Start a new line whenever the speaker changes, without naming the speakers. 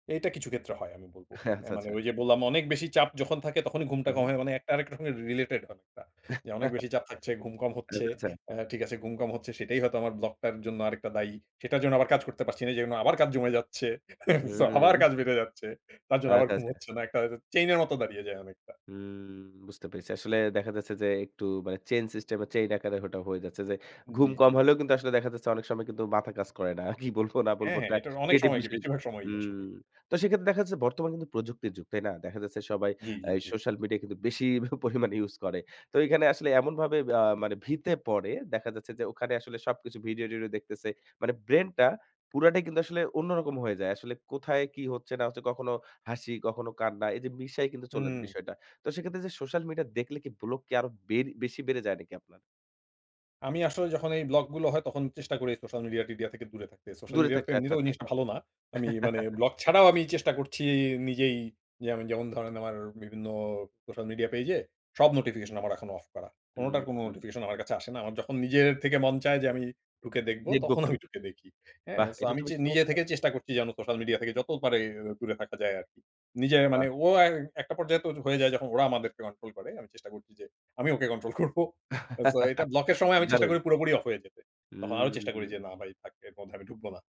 এটা কিছু ক্ষেত্রে হয় আমি বলব। এ
আচ্ছা,
মানে
আচ্ছা।
ওই যে বললাম না? অনেক বেশি চাপ যখন থাকে, তখনই ঘুমটা
হুম,
কম
হুম।
হয়, মানে একটা আরেকটার সঙ্গে রিলেটেড অনেকটা। যে, অনেক বেশি চাপ থাকছে, ঘুম কম
আচ্ছা,
হচ্ছে,
আচ্ছা।
আ ঠিক আছে ঘুম কম হচ্ছে, সেটাই হয়তো আমার ব্লগটার জন্য আরেকটা দায়ী। সেটার জন্য আবার কাজ করতে পারছি না, যে জন্য আবার কাজ জমে যাচ্ছে।
হুম,
সো আবার
হুম।
কাজ বেড়ে যাচ্ছে। তার জন্য আবার
আচ্ছা,
ঘুম
আচ্ছা।
হচ্ছে না। একটা চেইনের মত দাঁড়িয়ে যায়, অনেকটা।
উম বুঝতে পেরেছি। আসলে দেখা যাচ্ছে যে, একটু মানে চেইন সিস্টেমে, চেইন আকারে ওটা হয়ে যাচ্ছে যে,
জি,
ঘুম
জি।
কম হলেও কিন্তু আসলে দেখা যাচ্ছে, অনেক সময় কিন্তু মাথা কাজ করে না। কি বলবো না
হ্যাঁ,
বলবো?
হ্যাঁ,
একটা
এটার অনেক
ক্রিয়েটিভ
সময় কি,
বিষয় কিন্তু
বেশিরভাগ সময়ই আসলেই।
হুম। তো সেক্ষেত্রে দেখা যাচ্ছে বর্তমান কিন্তু প্রযুক্তির যুগ। তাই না? দেখা যাচ্ছে সবাই
জি,
আ
জি, জি।
সোশ্যাল মিডিয়া কিন্তু বেশি প পরিমাণে ইউস করে। তো এখানে আসলে এমনভাবে ব্য মানে ভিতে পড়ে, দেখা যাচ্ছে যে ওখানে আসলে সবকিছু, ভিডিও-টিডিও দেখতেছে। মানে ব্রেইনটা পুরাটাই কিন্তু আসলে অন্যরকম হয়ে যায়। আসলে কোথায় কি হচ্ছে না হচ্ছে? কখনো হাসি, কখনো কান্না এইযে মিশায় কিন্তু চলে
হুম।
বিষয়টা। তো সেক্ষেত্রে যে সোশ্যাল মিডিয়া দেখলে কি, ব্লক কি আরো বেড় বেশি বেড়ে যায় নাকি আপনার?
আমি আসলে যখন এই ব্লকগুলো হয়, তখন চেষ্টা করি সোশ্যাল মিডিয়া-টিডিয়া থেকে দূরে থাকতে। সোশ্যাল
দূরে
মিডিয়া তো
থাকতে। আচ্ছা,
এমনিতেও ওই
আচ্ছা।
জিনিসটা ভালো না। আমি মানে ব্লগ ছাড়াও আমি চেষ্টা করছি নিজেই যে যেমন ধরেন আমার বিভিন্ন সোশ্যাল মিডিয়া পেজে, সব নোটিফিকেশন আমার এখন অফ করা। কোনোটার কোনো
হুম।
নোটিফিকেশন আমার কাছে আসে না। আমার যখন নিজের থেকে মন চায় যে, আমি ঢুকে দেখব,
দেখব
তখন
একটু।
আমি ঢুকে দেখি। হ্যাঁ?
বাহ!
সো
এটা
আমি
তো
চে
বেশ
নিজে
চমৎকার!
থেকে চেষ্টা করছি যেন, সোশ্যাল মিডিয়া থেকে যত পারি, দূরে থাকা যায় আরকি। নিজে মানে,
বাহ!
ও একটা পর্যায়ে তো হয়ে যায় যখন, ওরা আমাদেরকে কন্ট্রোল করে। আমি চেষ্টা করছি যে, আমি ওকে কন্ট্রোল করব। সো, এটা ব্লকের সময় আমি চেষ্টা
দারুন!
করি পুরোপুরি অফ হয়ে যেতে। তখন আরো চেষ্টা করি
হুম।
যে, না, ভাই থাক। এর মধ্যে আমি ঢুকবো না।